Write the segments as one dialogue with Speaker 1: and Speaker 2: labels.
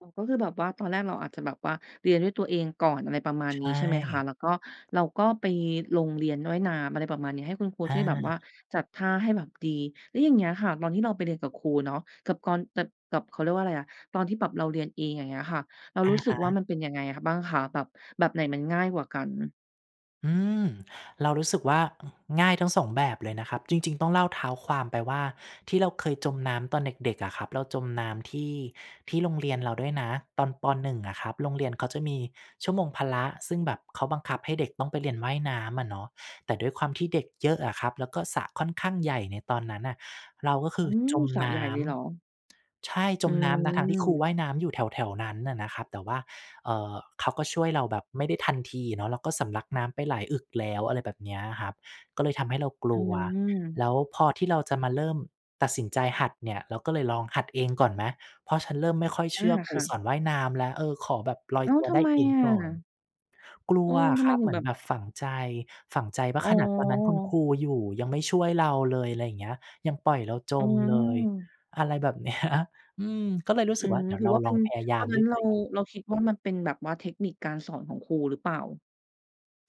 Speaker 1: อ๋อ ก็คือแบบว่าตอนแรกเราอาจจะแบบว่าเรียนด้วยตัวเองก่อน อะไรประมาณ
Speaker 2: ใช
Speaker 1: นี้
Speaker 2: ่
Speaker 1: ใช่ไหมคะ แล้วก็เราก็ไปลงเรียนว่ายน้ำ อะไรประมาณนี้ ให้คุณครู
Speaker 2: อ
Speaker 1: ช่วยแบบว่า
Speaker 2: า
Speaker 1: จัดท่าให้แบบดี แล้วอย่างเงี้ยค่ะ ตอนที่เราไปเรียนกับครูเนาะ กับตอน กับ กับ เขาเรียกว่าอะไรอะ ตอนที่แบบเราเรียนเอง อย่างเงี้ยค่ะ เรา
Speaker 2: อะ
Speaker 1: รู้สึ
Speaker 2: ฮ
Speaker 1: กว่า
Speaker 2: ะ
Speaker 1: มันเป็นยังไง อ บ้างคะ แบบ แบบไหนมันง่ายกว่ากัน?
Speaker 2: อืม เรารู้สึกว่า อ ง่ายทั้ง 2 แบบเลยนะครับ จริง ๆ ต้องเล่าเท้าความไปว่า ที่เราเคยจมน้ำตอนเด็ก ๆ อะครับ เราจมน้ำที่ ที่โรงเรียนเราด้วยนะ ตอน ป. 1 อะครับ โรงเรียนเขาจะมีชั่วโมงพละ ซึ่งแบบเขาบังคับให้เด็กต้องไปเรียนว่ายน้ำอะเนาะ แต่ด้วยความที่เด็กเยอะอะครับ แล้วก็สระค่อนข้างใหญ่ในตอนนั้นน่ะ เราก็ค
Speaker 1: อ
Speaker 2: ื
Speaker 1: ื
Speaker 2: อ
Speaker 1: ม
Speaker 2: จม
Speaker 1: สระ
Speaker 2: น
Speaker 1: ใหญ
Speaker 2: ้
Speaker 1: ่เล
Speaker 2: ำ
Speaker 1: ยเหรอ?
Speaker 2: ใช่จ
Speaker 1: อ
Speaker 2: มน้ำนะ ทั้งที่ครูว
Speaker 1: ืม
Speaker 2: ่ายน้ำอยู่แถว ๆ นั้นน่ะนะครับ แต่ว่า เอ่อ เขาก็ช่วยเราแบบไม่ได้ทันทีเนาะ เราก็สำลักน้ำไปหลายอึกแล้ว อะไรแบบเนี้ยอะครับ ก็เลยทำให้เราก
Speaker 1: อ
Speaker 2: ล
Speaker 1: ื
Speaker 2: ัว
Speaker 1: ม
Speaker 2: แล้วพอที่เราจะมาเริ่มตัดสินใจหัดเนี่ย เราก็เลยลองหัดเองก่อนนะ เพราะฉันเริ่มไม่ค่อยเ
Speaker 1: อ
Speaker 2: ช
Speaker 1: า
Speaker 2: ื่อคร
Speaker 1: ค
Speaker 2: ู
Speaker 1: ่ะ
Speaker 2: สอนว่ายน้ำแล้ว เออ ขอแบบลอย
Speaker 1: อ้า
Speaker 2: ต
Speaker 1: ว
Speaker 2: ัว
Speaker 1: ท
Speaker 2: ได
Speaker 1: ำ
Speaker 2: ้
Speaker 1: ไม
Speaker 2: เอง
Speaker 1: อ
Speaker 2: ก่อน
Speaker 1: ะ?
Speaker 2: กล
Speaker 1: อ
Speaker 2: ั
Speaker 1: ื
Speaker 2: ว
Speaker 1: ม
Speaker 2: อ
Speaker 1: ท
Speaker 2: ะ
Speaker 1: ำ
Speaker 2: ค
Speaker 1: ไม
Speaker 2: รับ
Speaker 1: ถึ
Speaker 2: เห
Speaker 1: ง
Speaker 2: มื
Speaker 1: แบ
Speaker 2: อน
Speaker 1: บ
Speaker 2: แบบฝังใจ ฝังใจว่
Speaker 1: อ
Speaker 2: า
Speaker 1: ๋
Speaker 2: "ขนาดตอนนั้นคุณ
Speaker 1: อ
Speaker 2: ครูอยู่ยังไม่ช่วยเราเลย" อะไรอย่างเงี้ย "ยังปล่อยเราจ
Speaker 1: อื
Speaker 2: มเลย"
Speaker 1: ม
Speaker 2: อะไรแบบ เนี้ย อืม ก็เลยรู้
Speaker 1: อื
Speaker 2: สึกว่
Speaker 1: ม
Speaker 2: าเดี๋ย
Speaker 1: หร
Speaker 2: ว
Speaker 1: ื
Speaker 2: เ
Speaker 1: อ
Speaker 2: รา
Speaker 1: ว่าเ
Speaker 2: ล
Speaker 1: ป็
Speaker 2: อ
Speaker 1: น
Speaker 2: งพยาย
Speaker 1: ต
Speaker 2: า
Speaker 1: อ
Speaker 2: ม
Speaker 1: นนั
Speaker 2: ด
Speaker 1: ้
Speaker 2: ้ว
Speaker 1: น
Speaker 2: ย
Speaker 1: เ
Speaker 2: ต
Speaker 1: ร
Speaker 2: ั
Speaker 1: า
Speaker 2: วเอง
Speaker 1: เราคิดว่ามันเป็นแบบว่าเทคนิคการสอนของครูหรือเปล่า?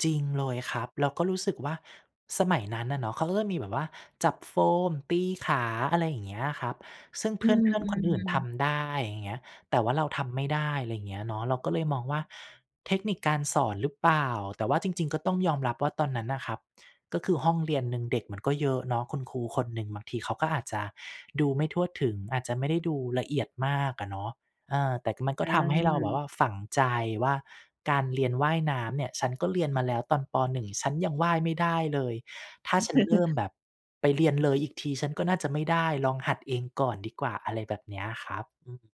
Speaker 2: จริงเลยครับ เราก็รู้สึกว่า สมัยนั้นน่ะเนาะเขาก็จะมีแบบว่า จับโฟม ตีขา อะไรอย่างเงี้ยครับ ซึ่งเ
Speaker 1: อ
Speaker 2: พ
Speaker 1: ื
Speaker 2: ื่อน ๆ คนอื่น
Speaker 1: ม
Speaker 2: ท
Speaker 1: ๆ
Speaker 2: ำได้ อย่างเงี้ย แต่ว่าเราทำไม่ได้ อะไรอย่างเงี้ยเนาะ เราก็เลยมองว่าเทคนิคการสอนหรือเปล่า แต่ว่าจริง ๆ ก็ต้องยอมรับว่าตอนนั้นน่ะครับก็คือห้องเรียนหนึ่งเด็กมันก็เยอะเนาะ คุณครูคนหนึ่งบางทีเขาก็อาจจะดูไม่ทั่วถึง อาจจะไม่ได้ดูละเอียดมากอะเนาะ เออ แต่ ก มันก็ทำให้เราแบบ
Speaker 1: อา
Speaker 2: ว่าฝังใจว่า "การเรียนว่ายน้ำเนี่ย ฉันก็เรียนมาแล้วตอน ป. 1 ฉันยังว่ายไม่ได้เลย ถ้าฉันเริ่มแบบไปเรียนเลยอีกที ฉันก็น่าจะไม่ได้ ลองหัดเองก่อนดีกว่า" อะไรแบบเนี้ยครับ อืม